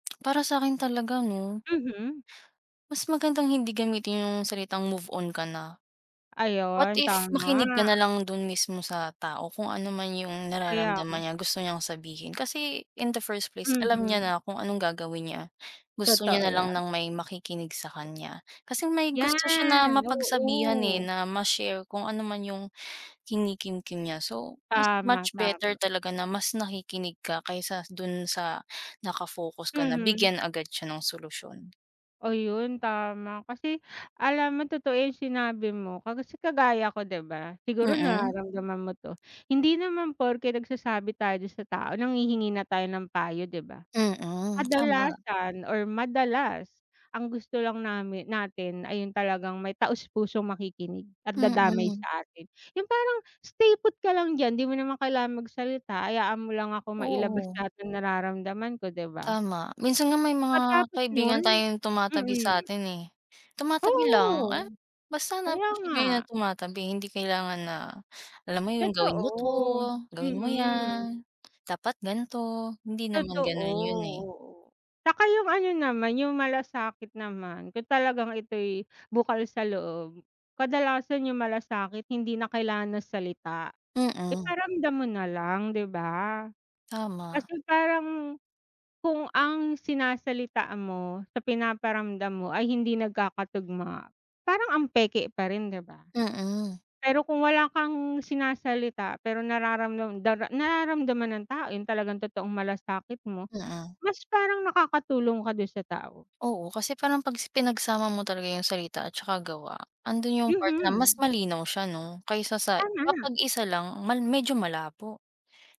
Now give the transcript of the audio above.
Para sakin talaga 'no. Mhm. Mas magandang hindi gamitin yung salitang "Move on ka na". What Ayun, if, tama. makinig ka nalang dun mismo sa tao kung ano man yung Kaya nararamdaman nga. niya gusto niyang sabihin kasi in the first place alam niya Mhm. na kung anong gagawin niya. Gusto niya Totoo na lang yan. ng may makikinig sa kanya, kasi may gusto siya na Yan, mapagsabihan, eh, oo. na ma-share kung ano man yung kinikimkim niya. So, mas Tama, much tama. better talaga na mas nakikinig ka kaysa dun sa naka-focus ka na Mhm. bigyan agad siya ng solusyon. Oh, yun tama. Kasi alam mo totoo yung sinabi mo, kasi kagaya ko, 'di ba, siguro Mm. nararamdaman mo 'to. Hindi naman porke nagsasabi tayo dun sa tao nanghihingi na tayo ng payo, 'di ba? Mm, tama. Kadalasan or madalas ang gusto lang namin natin ay yung talagang may taos pusong makikinig at dadamay Mm. sa atin, yung parang, "Stay put ka lang diyan 'di mo naman kailangan magsalita hayaan mo lang akong mailabas Oo. lahat ng nararamdaman ko", 'di ba? Tama minsan nga may mga Pagkatapos kaibigan nun tayong tumatabi mm. satin, eh, tumatabi lang, eh, Oo, basta na kaya appreciate ko nga. yun tumatabi. Hindi kailangan na, alam mo yun, "Gawin mo 'to", Totoo, "Gawin mo mm. yan", "Dapat ganito", hindi Totoo naman ganun yun, eh. oo, 'tsaka yung ano naman yung malasakit naman kung talagang ito'y bukal sa loob. Kadalasan yung malasakit hindi na kailangan ng salita, Mm. iparamdam mo na lang, 'di ba? Tama. Kasi parang, kung ang sinasalita mo sa pinaparamdam mo ay hindi nagkakatugma, parang ang peke pa rin, 'di ba? Mm. Pero kung wala kang sinasalita pero nararamdam dara nararamdaman nung tao yung talagang totoong malasakit mo Mm. mas parang nakakatulong ka dun sa tao. Oo, kasi parang pag si pinagsama mo talaga yung salita at saka gawa andun yung part na mas Mhm. malinaw siya 'no, kaysa sa Tama. kapag isa lang mal medyo malabo.